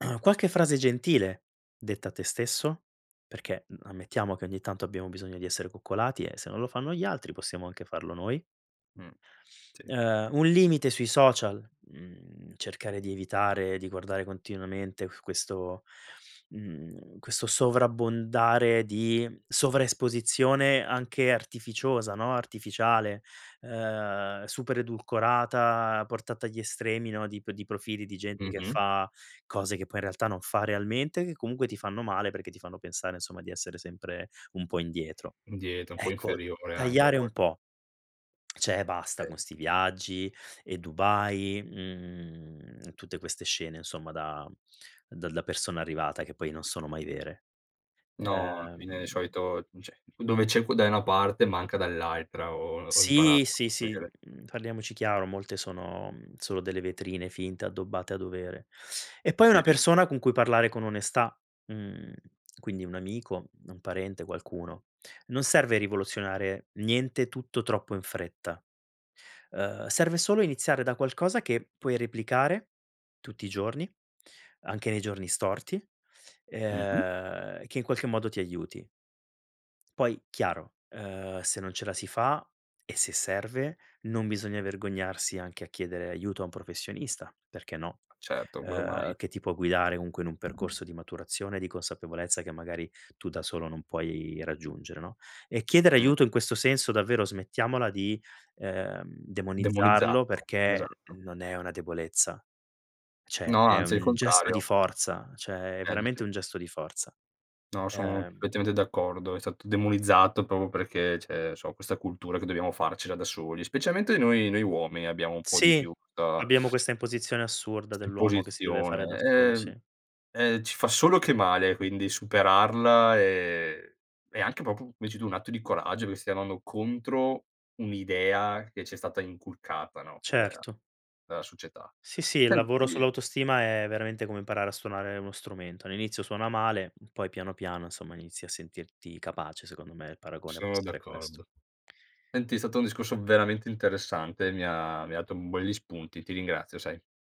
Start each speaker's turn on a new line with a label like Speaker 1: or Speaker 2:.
Speaker 1: Qualche frase gentile detta a tè stesso? Perché, mhmm, ammettiamo che ogni tanto abbiamo bisogno di essere coccolati, e se non lo fanno gli altri, possiamo anche farlo noi.
Speaker 2: Mh. Sì.
Speaker 1: Ehm, un limite sui social, mhmm, cercare di evitare di guardare continuamente questo mhmm, questo sovrabbondare di sovraesposizione anche artificiosa, no, artificiale, ehm, super edulcorata, portata agli estremi no, di p di profili di gente che
Speaker 2: Mh-mh.
Speaker 1: fa cose che poi in realtà non fa realmente, che comunque ti fanno male, perché ti fanno pensare, insomma, di essere sempre un po' indietro.
Speaker 2: Di [unintelligible] un po'
Speaker 1: Ecco,
Speaker 2: inferiore anche a
Speaker 1: tagliare
Speaker 2: vol
Speaker 1: un po' cioè e basta con
Speaker 2: [unintelligible]
Speaker 1: 'sti viaggi, e Dubai, mhmm, tutte queste scene insomma da da da persona arrivata, che poi non sono mai vere.
Speaker 2: No, alla
Speaker 1: Ehm
Speaker 2: fine di solito cioè, dove c'è c da una parte, manca dall'altra ho ho
Speaker 1: Sì,
Speaker 2: imparato
Speaker 1: sì, sì,
Speaker 2: [unintelligible]
Speaker 1: mhmm, parliamoci chiaro, molte sono solo delle vetrine finte addobbate a dovere. E poi
Speaker 2: Sì.
Speaker 1: una persona con cui parlare con onestà, mhmm, quindi un amico, un parente, qualcuno. Non serve rivoluzionare niente, tutto troppo in fretta. Ehm, serve solo iniziare da qualcosa che puoi replicare, tutti i giorni, anche nei giorni storti,
Speaker 2: Mh-mh.
Speaker 1: ehm, che in qualche modo ti aiuti. Poi chiaro, ehm, se non ce la si fa, e se serve, non bisogna vergognarsi anche a chiedere aiuto a un professionista, perché no?
Speaker 2: Certo, quello mai.
Speaker 1: Ehm, che ti può guidare comunque in un percorso di maturazione, di consapevolezza che magari tu da solo non puoi raggiungere, no, e chiedere
Speaker 2: Mh.
Speaker 1: aiuto in questo senso, davvero, smettiamola di, ehm, demonizzarlo
Speaker 2: Demonizzato,
Speaker 1: perché
Speaker 2: esatto.
Speaker 1: non è una debolezza, cioè
Speaker 2: No,
Speaker 1: è
Speaker 2: anzi è il
Speaker 1: un gesto di
Speaker 2: contrario.
Speaker 1: forza, cioè è
Speaker 2: [unintelligible]
Speaker 1: veramente un gesto di forza.
Speaker 2: No, sono
Speaker 1: Ehm
Speaker 2: perfettamente d'accordo, è stato demonizzato, proprio perché c'è so, questa cultura che dobbiamo farcela da soli, specialmente noi noi uomini, abbiamo un po' di
Speaker 1: Sì,
Speaker 2: più questa
Speaker 1: abbiamo questa imposizione assurda
Speaker 2: questa
Speaker 1: dell'uomo che si deve fare da
Speaker 2: imposizione,
Speaker 1: solo,
Speaker 2: ehm,
Speaker 1: sì.
Speaker 2: eh, ci fa solo che male quindi, superarla, è è anche, proprio come dici tu, un atto di coraggio, che stia andando contro un'idea che ci è stata inculcata, no, da
Speaker 1: Certo.
Speaker 2: dalla società.
Speaker 1: Sì, sì, il lavoro
Speaker 2: Senti
Speaker 1: sull'autostima, è veramente come imparare a suonare uno strumento. All'inizio suona male, poi piano piano, insomma, inizi a sentirti capace, secondo me il paragone può
Speaker 2: Sono
Speaker 1: essere questo.
Speaker 2: d'accordo. Senti, è stato un discorso veramente interessante, mi ha mi ha dato belli spunti. Ti ringrazio, sai.